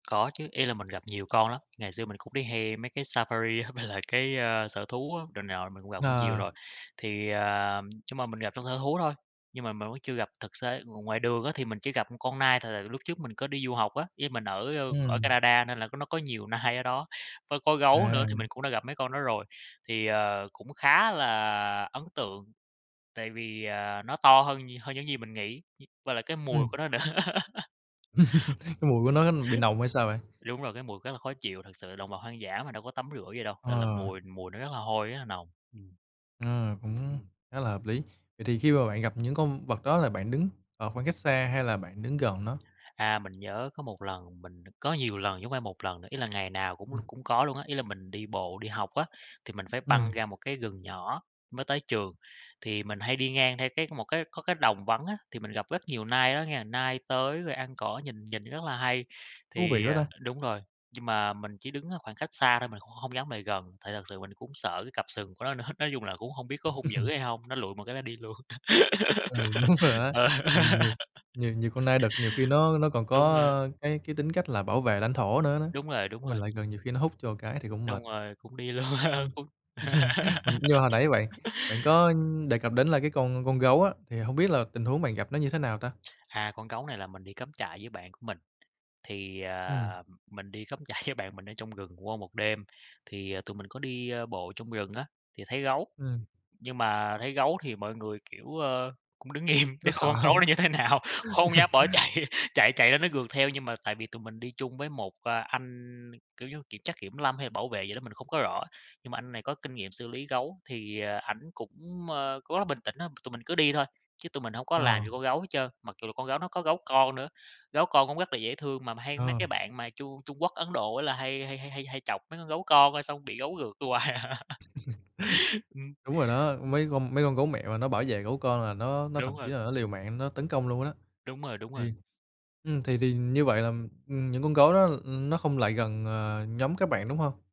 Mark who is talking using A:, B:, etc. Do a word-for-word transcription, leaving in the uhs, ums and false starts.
A: Có chứ, ý là mình gặp nhiều con lắm. Ngày xưa mình cũng đi hay mấy cái safari á, với lại cái, ơ, sở thú á rồi này nọ, mình cũng gặp cũng nhiều
B: Ờ.
A: rồi. Thì, ờ nhưng mà mình gặp trong sở thú thôi, nhưng mà mình vẫn chưa gặp thực xế, ng ngoài đường á thì mình chỉ gặp một con nai thôi. Là lúc trước mình có đi du học á, với mình ở, ơ, ở
B: Ừm.
A: Canada nên là có nó có nhiều nai ở đó, có có gấu nữa thì mình
B: À.
A: cũng đã gặp mấy con đó rồi. Thì, ờ, cũng khá là ấn tượng, tại vì, ờ, nó to hơn nh hơn những gì mình nghĩ, dí và lại cái mùi
B: Ừm.
A: của nó nữa.
B: Cái mùi của nó bị nồng hay sao bạn?
A: Đúng rồi. Cái mùi khá là khó chịu, thực sự đồng vật hoang dã mà đâu có tắm rửa gì đâu, nên là
B: Ờ.
A: mùi mùi nó rất là hôi, rất là nồng. Ừm.
B: Ờ, cũng
A: Ừm.
B: khá là hợp lý. Vậy thì khi mà bạn gặp những con vật đó là bạn đứng ở khoảng cách xa hay là bạn đứng gần nó?
A: À, mình nhớ có một lần mình có nhiều lần chứ hông phải một lần nữa. Ý là ngày nào cũng
B: Ừm.
A: cũng có luôn á, ý là mình đi bộ đi học á, thì mình phải băng
B: Ừm.
A: ra một cái rừng nhỏ mới tới trường. Thì mình hay đi ngang theo cái một cái có cái đồng vắng á, thì mình gặp rất nhiều nai ở đó nghe, nai tới rồi ăn cỏ nhìn nhìn rất là hay.
B: Thú vị
A: Thì,
B: quá
A: ờ
B: ta.
A: đúng rồi, nhưng mà mình chỉ đứng ở khoảng cách xa thôi, mình cũng hông dám lại gần, tại thật sự mình cũng sợ cái cặp sừng của nó nữa, nói chung là cũng hông biết có hung dữ hay hông. Nó lụi một cái nó đi luôn.
B: Ừ, đúng rồi đó!
A: Ờ.
B: Nhiều nhiều nhiều nhiều con nai đực nhiều khi nó nó còn
A: Đúng rồi.
B: có cái cái tính cách là bảo vệ lãnh thổ nữa đó,
A: Đúng rồi, đúng
B: mình
A: rồi.
B: lại gần nhiều khi nó húc cho một cái thì cũng mệt.
A: Đúng rồi. Cũng đi luôn,
B: Ừm.
A: cũng
B: Mình nhưng mà hồi nãy bạn bạn có đề cập đến là cái con con gấu á, thì hông biết là tình huống bạn gặp nó như thế nào ta?
A: À, con gấu này là mình đi cắm trại với bạn của mình, thì,
B: Ừm.
A: ờ, mình đi cắm trại với bạn mình ở trong rừng qua một đêm, thì, ờ, tụi mình có đi, ơ, bộ trong rừng á, thì thấy gấu.
B: Ừm.
A: Nhưng mà thấy gấu thì mọi người kiểu, ơ, cũng đứng im,
B: Có
A: để coi
B: sợ
A: con gấu
B: hông?
A: nó như thế nào. Không dám bỏ chạy, chạy chạy là nó rượt theo. Nhưng mà tại vì tụi mình đi chung với một, a, anh kiểu như kiểm chắc kiểm lâm, hay bảo vệ gì đó mình không có rõ, nhưng mà anh này có kinh nghiệm xử lý gấu, thì, ờ, ảnh cũng, ơ, cũng rất là bình tĩnh á, tụi mình cứ đi thôi, chứ tụi mình hổng có làm
B: Ờ.
A: gì con gấu hết trơn. Mặc dù là con gấu nó có gấu con nữa, gấu con cũng rất là dễ thương, mà hay mấy
B: Ờ.
A: cái bạn mà Trung Trung Quốc, Ấn Độ á là hay hay hay hay hay chọc mấy con gấu con, ơ, xong bị gấu rượt hoài à. Ừm,
B: Đúng rồi đó.
A: ừm.
B: Mấy con mấy con gấu mẹ mà nó bảo vệ gấu con là nó nó thậm
A: Đúng
B: chí
A: rồi.
B: là nó liều mạng nó tấn công luôn có đó.
A: Đúng rồi, đúng
B: Thì,
A: rồi.
B: ừm, thì thì như vậy là, ừm, những con gấu đó, ừm, nó không lại gần, ờ, nhóm các bạn, đúng hông?